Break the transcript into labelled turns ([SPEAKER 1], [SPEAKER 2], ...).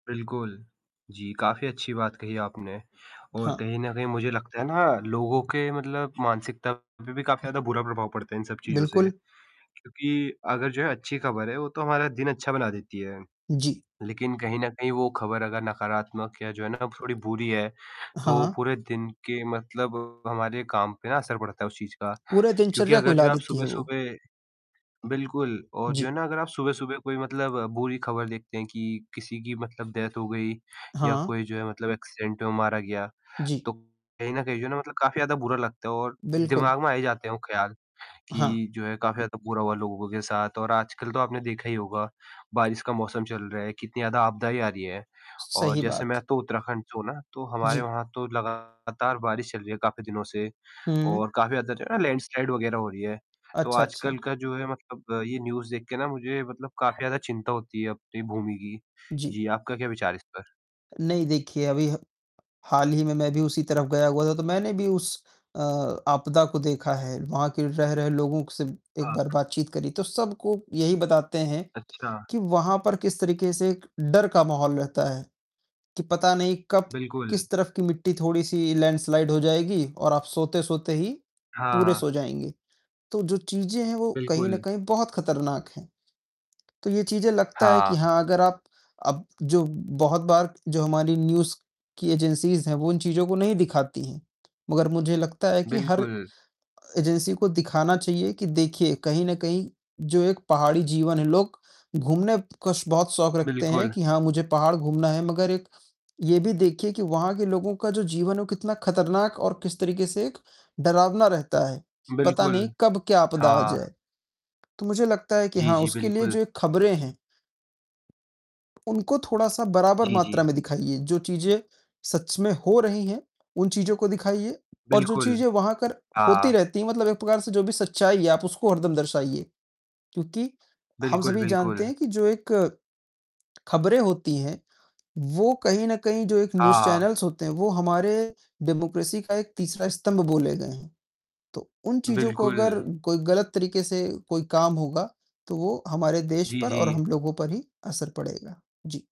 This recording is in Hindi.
[SPEAKER 1] बिल्कुल, जी, काफ़ी अच्छी बात कही आपने और
[SPEAKER 2] हाँ।
[SPEAKER 1] कहीं न कहीं मुझे लगता है ना लोगों के मतलब मानसिकता पर भी काफ़ी ज़्यादा बुरा प्रभाव पड़ता है इन सब चीज़ों से,
[SPEAKER 2] बिल्कुल।
[SPEAKER 1] क्योंकि अगर जो है अच्छी खबर है, वो तो हमारा दिन अच्छा बना देती है।
[SPEAKER 2] जी।
[SPEAKER 1] लेकिन कहीं न कहीं वो खबर अगर नकारात्मक या जो है ना थोड़ी बुरी है, तो
[SPEAKER 2] हाँ।
[SPEAKER 1] पूरे दिन के मतलब हमारे काम पे ना असर पड़ता है उस चीज़ का,
[SPEAKER 2] पूरे
[SPEAKER 1] क्योंकि
[SPEAKER 2] दिनचर्या को
[SPEAKER 1] अगर
[SPEAKER 2] हिला
[SPEAKER 1] जो आप
[SPEAKER 2] देती है वो।
[SPEAKER 1] सुबह-सुबह बिल्कुल और जो
[SPEAKER 2] जी।
[SPEAKER 1] है ना अगर आप सुबह-सुबह कोई मतलब बुरी खबर देखते हैं कि किसी की मतलब डेथ हो गई या
[SPEAKER 2] हाँ।
[SPEAKER 1] कोई जो है मतलब एक्सीडेंट में मारा गया,
[SPEAKER 2] जी।
[SPEAKER 1] तो कहीं न कहीं जो है ना मतलब काफ़ी ज़्यादा बुरा लगता है और
[SPEAKER 2] बिल्कुल।
[SPEAKER 1] दिमाग में आ ही जाते हैं वो ख्याल,
[SPEAKER 2] हाँ।
[SPEAKER 1] कि जो है काफ़ी ज़्यादा बुरा हुआ लोगों के साथ और आजकल तो आपने देखा ही होगा, बारिश का मौसम चल रहा है, कितनी ज़्यादा आपदाएँ आ रही हैं। और
[SPEAKER 2] सही
[SPEAKER 1] जैसे
[SPEAKER 2] बात।
[SPEAKER 1] मैं तो उत्तराखंड से हूँ ना, तो हमारे
[SPEAKER 2] जी।
[SPEAKER 1] वहाँ तो लगातार बारिश चल रही है काफ़ी दिनों से
[SPEAKER 2] हुँ।
[SPEAKER 1] और काफ़ी ज़्यादा लैंडस्लाइड वगैरह हो रही है। तो
[SPEAKER 2] अच्छा,
[SPEAKER 1] आजकल
[SPEAKER 2] अच्छा।
[SPEAKER 1] का जो है मतलब ये न्यूज़ देख के ना मुझे मतलब काफ़ी ज़्यादा चिंता होती है अपनी भूमि की,
[SPEAKER 2] जी।
[SPEAKER 1] जी, आपका क्या विचार है इस पर?
[SPEAKER 2] नहीं देखिए अभी ह हाल ही में मैं भी उसी तरफ गया हुआ था, तो मैंने भी उस अ, आपदा को देखा है, वहाँ के रह रहे लोगों से एक
[SPEAKER 1] हाँ।
[SPEAKER 2] बार बातचीत करी। तो सबको यही बताते हैं,
[SPEAKER 1] अच्छा।
[SPEAKER 2] कि वहाँ पर किस तरीके से डर का माहौल रहता है, कि पता नहीं कब
[SPEAKER 1] बिल्कुल।
[SPEAKER 2] किस तरफ की मिट्टी थोड़ी सी लैंडस्लाइड हो जाएगी और आप सोते-सोते ही, पूरे
[SPEAKER 1] हाँ।
[SPEAKER 2] सो जाएँगे। तो जो चीज़ें हैं वो कहीं न
[SPEAKER 1] बिल्कुल।
[SPEAKER 2] कहीं बहुत खतरनाक हैं, तो ये चीज़ें लगता है कि
[SPEAKER 1] हाँ।
[SPEAKER 2] हाँ, अगर आप अब जो बहुत बार जो हमारी न्यूज़ की एजेंसीज़ हैं, वो इन चीज़ों को नहीं दिखाती हैं, मगर मुझे लगता है कि हर
[SPEAKER 1] बिल्कुल।
[SPEAKER 2] एजेंसी को दिखाना चाहिए कि देखिए, कहीं न कहीं जो एक पहाड़ी जीवन है लोग घूमने का श बहुत शौक रखते हैं
[SPEAKER 1] बिल्कुल।
[SPEAKER 2] कि हाँ, मुझे पहाड़ घूमना है मगर एक ये भी देखिए कि वहाँ के लोगों का जो जीवन है वो कितना खतरनाक और किस तरीके से एक डरावना रहता है। पता
[SPEAKER 1] बिल्कुल,
[SPEAKER 2] नहीं कब क्या आपदा आ
[SPEAKER 1] हाँ।
[SPEAKER 2] जाए, तो मुझे लगता है कि
[SPEAKER 1] जी,
[SPEAKER 2] हाँ,
[SPEAKER 1] जी,
[SPEAKER 2] उसके लिए
[SPEAKER 1] बिल्कुल।
[SPEAKER 2] जो ये खबरें हैं उनको थोड़ा सा बराबर
[SPEAKER 1] जी, जी।
[SPEAKER 2] मात्रा में दिखाइए, जो चीज़ें सच में हो रही हैं, उन चीज़ों को दिखाइए और जो
[SPEAKER 1] बिल्कुल,
[SPEAKER 2] चीज़ें वहाँ कर होती
[SPEAKER 1] हाँ।
[SPEAKER 2] रहती हैं, मतलब एक प्रकार से जो भी सच्चाई है, आप उसको हरदम दर्शाइए। क्योंकि हम
[SPEAKER 1] बिल्कुल,
[SPEAKER 2] सभी जानते
[SPEAKER 1] बिल्कुल।
[SPEAKER 2] हैं कि जो एक खबरें होती हैं, वो कहीं न कहीं जो एक
[SPEAKER 1] हाँ,
[SPEAKER 2] न्यूज़
[SPEAKER 1] हाँ।
[SPEAKER 2] चैनल्स होते हैं, वो हमारे डेमोक्रेसी का एक तीसरा स्तम्भ बोले गए हैं, तो उन चीज़ों को अगर
[SPEAKER 1] बिल्कुल।
[SPEAKER 2] कोई गलत तरीके से कोई काम होगा, तो वो हमारे देश
[SPEAKER 1] जी,
[SPEAKER 2] पर और
[SPEAKER 1] जी।
[SPEAKER 2] हम लोगों पर ही असर पड़ेगा। जी।